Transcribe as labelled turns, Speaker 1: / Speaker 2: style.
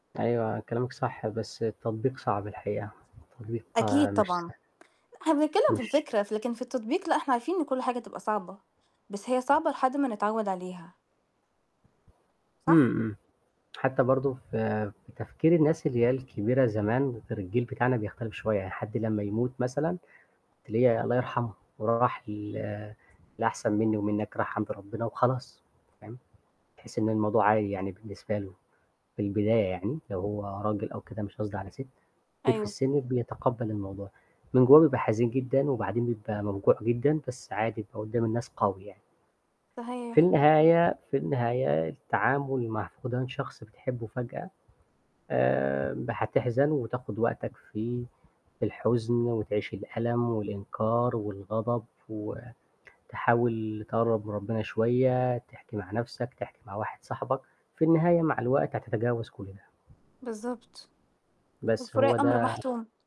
Speaker 1: أيوه، كلامِك صح، بس التطبيق صعب الحقيقة، التطبيق
Speaker 2: أكيد،
Speaker 1: مش
Speaker 2: طبعًا.
Speaker 1: سه
Speaker 2: لأ، إحنا بنتكلّم في
Speaker 1: مش
Speaker 2: الفكرة، لكن في التطبيق لأ، إحنا عارفين إن كل حاجة هتبقى صعبة، بس هي صعبة لحد ما نتعوّد عليها. صح؟
Speaker 1: إمم، إمم. حتى برضه ف في تفكير الناس اللي هي الكبيرة زمان، غير الجيل بتاعنا بيختلف شوية، يعني حد لمّا يموت مثلًا تلاقي الله يرحمها راح ل للأحسن منّي ومنّك راح عند ربّنا وخلاص، فاهم؟ تحسّي إن الموضوع عادي يعني بالنسبة له في البداية يعني لو هو راجل أو كده، مش قصدي على سِت، كبير في
Speaker 2: أيوه.
Speaker 1: السِن بيتقبّل الموضوع، من جوّاه بيبقى حزين جدًا وبعدين بيبقى موجوع جدًا، بس عادي بيبقى قدّام الناس قوي يعني. في
Speaker 2: صحيح.
Speaker 1: النهاية في النهاية التعامل مع فُقدان شخص بتحبّوا فجأة آمم هتحزن و وتاخُد وقتك في في الحزن وتعيش الألم والإنكار والغضب وتحاول تقرّب من ربّنا شوية، تحكي مع نَفْسك، تحكي مع واحد صاحبك. في النهاية مع الوقت هتتجاوز كل ده.
Speaker 2: بالضبط.
Speaker 1: بس هو
Speaker 2: والفُراق أمر
Speaker 1: ده
Speaker 2: مَحتوم.